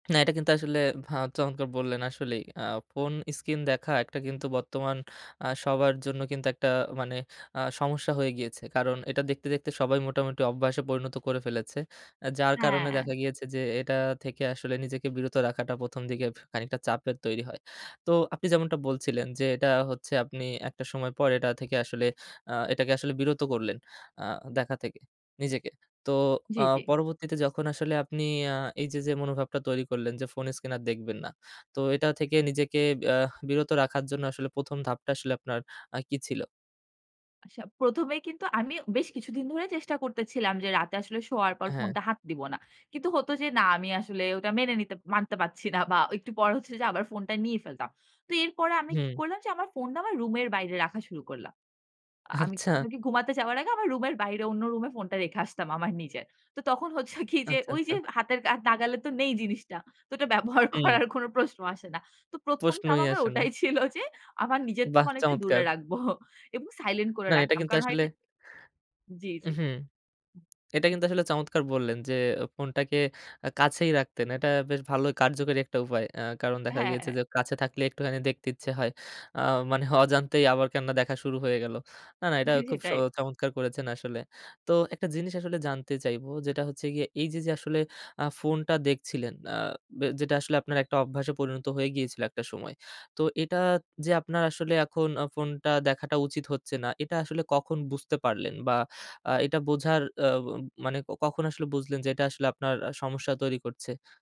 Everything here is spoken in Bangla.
না, এটা কিন্তু আসলে ভা চমৎকার বললেন আসলেই আ ফোন স্ক্রিন দেখা একটা কিন্তু বর্তমান আ সবার জন্য কিন্তু একটা মানে আ সমস্যা হয়ে গিয়েছে। কারণ এটা দেখতে, দেখতে সবাই মোটামুটি অভ্যাসে পরিণত করে ফেলেছে। যার কারণে হ্যাঁ। দেখা গিয়েছে যে, এটা থেকে আসলে নিজেকে বিরত রাখাটা ১ম দিকে খানিকটা চাপের তৈরি হয়। তো আপনি যেমনটা বলছিলেন যে, এটা হচ্ছে আপনি একটা সময় পর, এটা থেকে আসলে আ এটাকে আসলে বিরত করলেন। আ দেখা থেকে নিজেকে। তো জি, আ জি। পরবর্তীতে যখন আসলে আপনি আ এই যে, যে মনোভাবটা তৈরি করলেন যে, ফোন স্ক্রিন আর দেখবেন না। তো এটা থেকে নিজেকে আহ বিরত রাখার জন্য আসলে ১ম ধাপটা আসলে আপনার আ কি ছিল? আচ্ছা, ১ম এই কিন্তু আমি বেশ কিছুদিন ধরে চেষ্টা করতেছিলাম যে, রাতে আসলে শোয়ার পর হ্যাঁ। ফোনটা হাত দিব না। কিন্তু হতো যে, না, আমি আসলে ওটা মেনে নিতে মানতে পারছি না। বা একটু পরে হচ্ছে যে, আবার ফোনটা নিয়ে ফেলতাম। তো এরপরে আমি কি হুম। করলাম যে, আমার ফোনটা আমার রুমের বাইরে রাখা শুরু করলাম। আমি ঘু আচ্ছা। ঘুমাতে যাওয়ার আগে, আমার রুমের বাইরে অন্য রুমে ফোনটা রেখে আসতাম আমার নিজের। তো তখন হচ্ছে কি যে, আচ্ছা, ওই যে আচ্ছা। হাতের আর নাগালে তো নেই জিনিসটা। তো ওটা ব্যবহার হুম। করার কোনো প্রশ্ন আসে না। তো ১ম ধাপ প্রশ্নই আমার আসে না। ওটাই ছিল যে, আমার নিজের থেকে বাহ! অনেকটা দূরে চমৎকার। রাখবো। এবং সাইলেন্ট করে না এটা রাখতাম। কিন্তু কারণ হয় আসলে যে জি, জি। হুম। এটা কিন্তু আসলে চমৎকার বললেন যে, ফোনটাকে আ কাছেই রাখতেন। এটা বেশ ভালো কার্যকরী একটা উপায়। আ কারণ দেখা গিয়েছে হ্যাঁ। যে, কাছে থাকলেই একটুখানি দেখতে ইচ্ছে হয়। আ মানে অজান্তেই আবার কেননা দেখা শুরু হয়ে গেল। না, না, এটা খুব স সেটাই। চমৎকার করেছেন আসলে। তো একটা জিনিস আসলে জানতে চাইবো যেটা হচ্ছে গিয়ে, এই যে, যে আসলে আ ফোনটা দেখছিলেন, আ ব যেটা আসলে আপনার একটা অভ্যাসে পরিণত হয়ে গিয়েছিল একটা সময়। তো এটা যে আপনার আসলে এখন ফোনটা দেখাটা উচিত হচ্ছে না। এটা আসলে কখন বুঝতে পারলেন বা আ এটা বোঝার অ অ মানে কখন আসলে বুঝলেন যে, এটা আসলে আপনার সমস্যা তৈরি করছে?